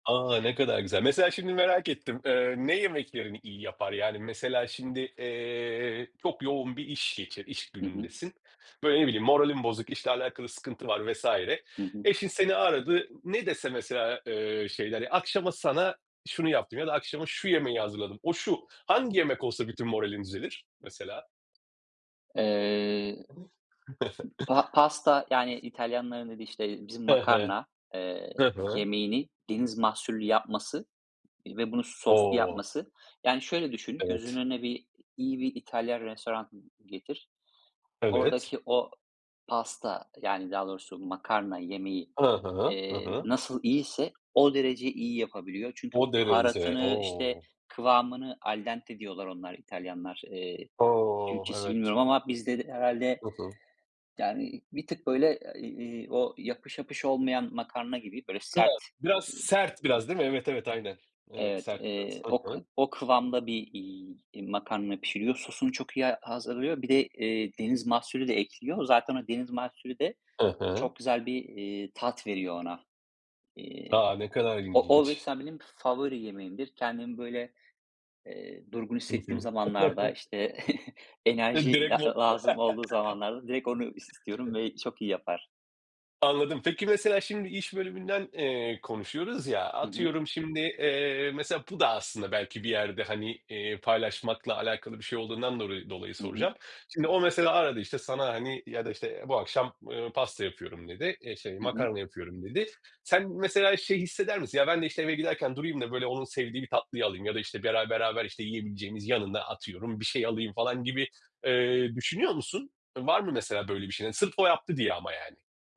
A! Ne kadar güzel. Mesela şimdi merak ettim, eee, ne yemeklerini iyi yapar? Yani, mesela şimdi, eee, çok yoğun bir iş geçir iş Hı hı. günündesin. Böyle, ne bileyim, moralin bozuk, işle alakalı sıkıntı var vs. Hı hı. Eşin seni aradı, ne dese mesela, eee, şeyler ya, akşama sana şunu yaptım ya da akşama şu yemeği hazırladım, o, şu: Hangi yemek olsa bütün moralin düzelir mesela? Eee, [unintelligible] pa pasta yani, İtalyanların dediği işte bizim He he, makarna, eee, hı hı. yemeğini deniz mahsullü yapması, ııı, ve bunu soslu O! yapması. Yani, şöyle düşün, gözünün Evet. önüne bir iyi bir İtalyan restoranı getir. Evet. Oradaki o pasta yani, daha doğrusu makarna yemeği, Hı hı. Hı eee, hı. nasıl iyiyse o derece iyi yapabiliyor. Çünkü, O derece. baharatını işte O! kıvamını al dente diyorlar onlar İtalyanlar, eee, O! Türkçesini Evet. bilmiyorum ama bizde de herhâlde, Hı hı. yani, bir tık böyle e iii, o [unintelligible] yapış, yapış olmayan makarna gibi böyle Ha, sert, biraz eee sert, biraz değil mi? Evet, evet aynen. Evet, Evet, sert biraz. eee, Hı o kı hı. o kıvamda bir, iii, makarna pişiriyor, sosunu çok iyi a hazırlıyor. Bir de, eee, deniz mahsulü de ekliyor. Zaten o deniz mahsulü de Hı hı. çok güzel bir, eee, tat veriyor ona. Eee, A, ne kadar o o ilginç! mesela benim favori yemeğimdir. Kendimi böyle, eee, durgun I hissettiğim hı. zamanlarda, işte Sen enerji direkt la lazım olduğu zamanlarda direkt onu i istiyorum [unintelligible] ve çok iyi yapar. Anladım. Peki, mesela şimdi iş bölümünden, eee, konuşuyoruz ya, Hı hı. atıyorum şimdi, eee, mesela bu da belki bir yerde, hani, eee, paylaşmakla alakalı bir şey olduğundan dolayı dolayı Hı hı. soracağım. Şimdi o mesela aradı işte, sana, hani, ya da işte, eee, bu akşam, ııı, pasta yapıyorum dedi, eee, şey, Hı hı. makarna yapıyorum dedi. Sen, mesela şey hisseder misin: Ya, ben de işte eve giderken durayım da böyle onun sevdiği bir tatlıyı alayım ya da işte bera beraber işte yiyebileceğimiz, yanında, atıyorum, bir şey alayım falan gibi, eee, düşünüyor musun, var mı mesela böyle bir şeylerin, sırf o yaptı diye ama, yani?